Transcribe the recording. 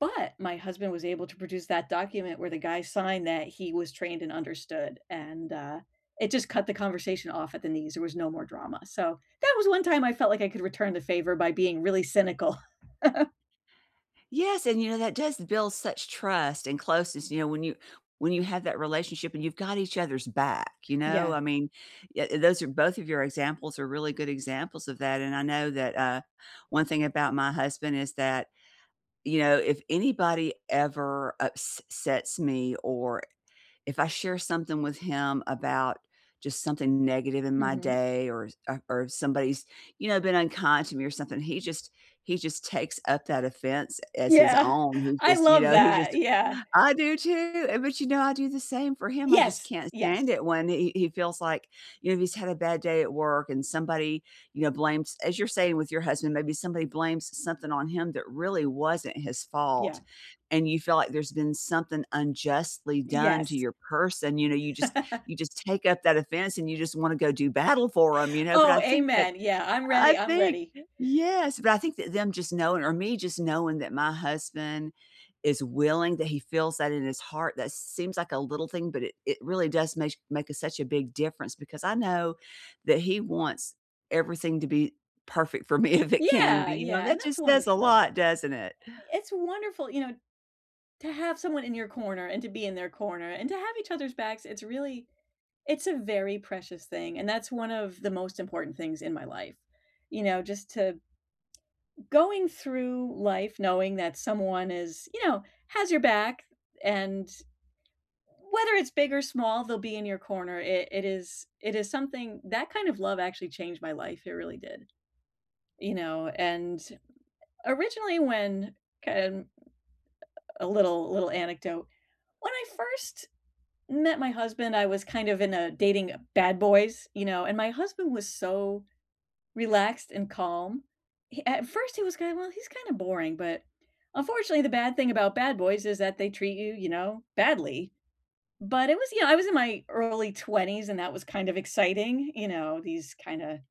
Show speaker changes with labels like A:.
A: But my husband was able to produce that document where the guy signed that he was trained and understood, and, uh, it just cut the conversation off at the knees, there was no more drama. So, that was one time I felt like I could return the favor by being really cynical.
B: Yes, and, you know, that does build such trust and closeness, you know, when you when you have that relationship and you've got each other's back, you know?
A: Yeah.
B: I mean, ye those are both of your examples are really good examples of that and I know that, uh, one thing about my husband is that, you know, if anybody ever ups sets me or if I share something with him about just something negative in my
A: Mhm.
B: day or ar or somebody's, you know, been unkind to me or something, he just he just takes up that offense as his
A: Yeah,
B: own. He
A: I
B: just, you
A: love
B: know, he
A: that.
B: just
A: Yeah.
B: I do, too. Eh but, you know, I do the same for him. I just
A: Yes.
B: can't
A: Yes.
B: stand it when he he feels like you know, if he's had a bad day at work and somebody, you know, blames- as you're saying with your husband- maybe somebody blames something on him that really wasn't his fault
A: Yeah.
B: and you feel like there's been something unjustly done to
A: Yes.
B: your person. You know, you just you just take up that offense and you just wanna go do battle for him, you know? But
A: Oh,
B: I think that
A: amen. Yeah. I'm ready.
B: I
A: I'm
B: think
A: ready.
B: yes. But I think that them just knowing or me just knowing that my husband is willing, that he feels that in his heart, that seems like a little thing, but it it really does meish make a such a big difference because I know that he wants everything to be perfect for me if it can
A: Yeah.
B: be, you know? And
A: Yeah and
B: that
A: that's
B: just says a
A: wonderful.
B: lot, doesn't it?
A: It's wonderful, you know, to have someone in your corner and to be in their corner and to have each other's backs. It's really it's a very precious thing, and that's one of the most important things in my life. You know, just to going through life knowing that someone is you know, has your back and whether it's big or small, they'll be in your corner. It it is it is something that kind of love actually changed my life. It really did, you know? And originally when, kind of, a little little anecdote; When I first met my husband, I was kind of in a dating bad boys, you know, and my husband was so relaxed and calm. He at first, he was kinda, "Well, he's kinda boring," but, unfortunately, the bad thing about bad boys is that they treat you, you know, badly. But it was yeah, I was in my early 20s, and that was kind of exciting. You know? These kinda